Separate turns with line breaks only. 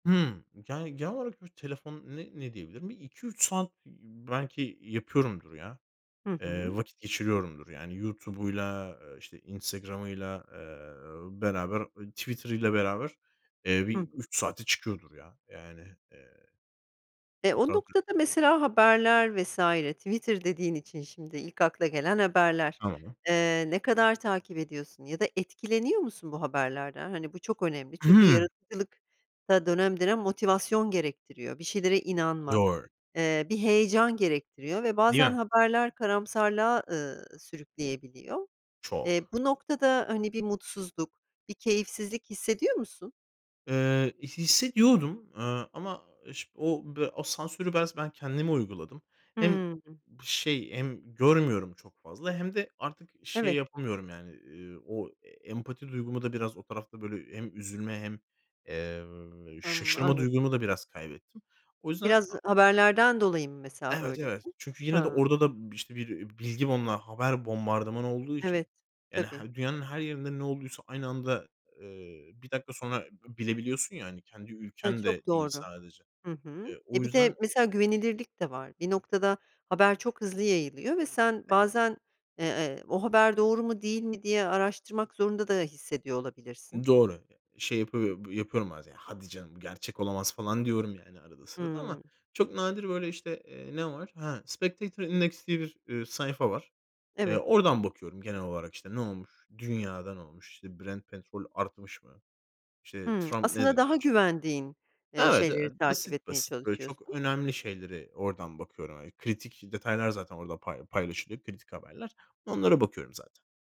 Hımm, yani, genel olarak bir telefon ne ne diyebilirim? Bir 2-3 saat, iii, belki yapıyorumdur ya.
Hı
Eee,
hı.
vakit geçiriyorumdur yani. YouTube'uyla, işte, Instagram'ıyla, eee, beraber, ııı, Twitter'ıyla beraber, eee,
Hı
bir
hı.
3 saate çıkıyordur ya. Yani, eee
E, o
[unintelligible]
noktada mesela haberler vs. Twitter dediğin için şimdi, ilk akla gelen haberler.
Tamam.
Eee, ne kadar takip ediyorsun ya da etkileniyor musun bu haberlerden? Hani, bu çok önemli,
I
çünkü
hımm.
yaratıcılıkta dönem dönem motivasyon gerektiriyor, bir şeylere inanmak,
Doğru.
eee, bir heyecan gerektiriyor ve
Değil
bazen
mi?
haberler karamsarlığa, ııı, sürükleyebiliyor. Eee,
Çok.
bu noktada, hani, bir mutsuzluk, bir keyifsizlik hissediyor musun?
Eee, i hissediyordum, aaa, ama iş o be o sansürü bez ben kendime uyguladım. Hem
Hımm.
şey, hem görmüyorum çok fazla hem de artık şey
Evet.
yapamıyorum yani, eee, o empati duygumu da biraz o tarafta, böyle, hem üzülme hem, eee,
Hımm
şaşırma
anla
duygumu da biraz kaybettim. O yüzden,
Biraz
aaa
haberlerden dolayı mı, mesela,
Evet, evet.
böylesin?
Çünkü yine de
Ha.
orada da bir, işte, bir bilgi bomba haber bombardımanı olduğu için,
Evet,
yani,
tabii.
he dünyanın her yerinde ne olduysa aynı anda, eee, 1 dakika sonra b bilebiliyorsun ya hani. Kendi
Evet,
ülken de
çok
değil
doğru.
sadece.
Hı hı.
Eee, o
E, bir de
yüzden
mesela güvenilirlik de var. Bir noktada haber çok hızlı yayılıyor ve sen
Evet.
bazen, eee, "O haber doğru mu değil mi?" diye araştırmak zorunda da hissediyor olabilirsin.
Doğru. Eee, şey yapıyo b yapıyorum bazen: "Hadi canım, gerçek olamaz." falan diyorum yani arada sırada ama
Hımm.
çok nadir, böyle, işte, eee, ne var? Ha Spectactor Index diye bir, eee, sayfa var. Eee,
Evet.
oradan bakıyorum genel olarak, işte, ne olmuş? Dünyada ne olmuş? İşte, Brent Petrol artmış mı? İşte,
Hımm,
Trump ne
aslında daha
demiş?
güvendiğin, eee,
Evet,
şeyleri
evet,
takip
basit
etmeye
basit. Böyle çok
çalışıyorsun.
önemli şeylere oradan bakıyorum. Hani, kritik detaylar zaten orada pay paylaşılıyor, kritik haberler. Onlara bakıyorum zaten.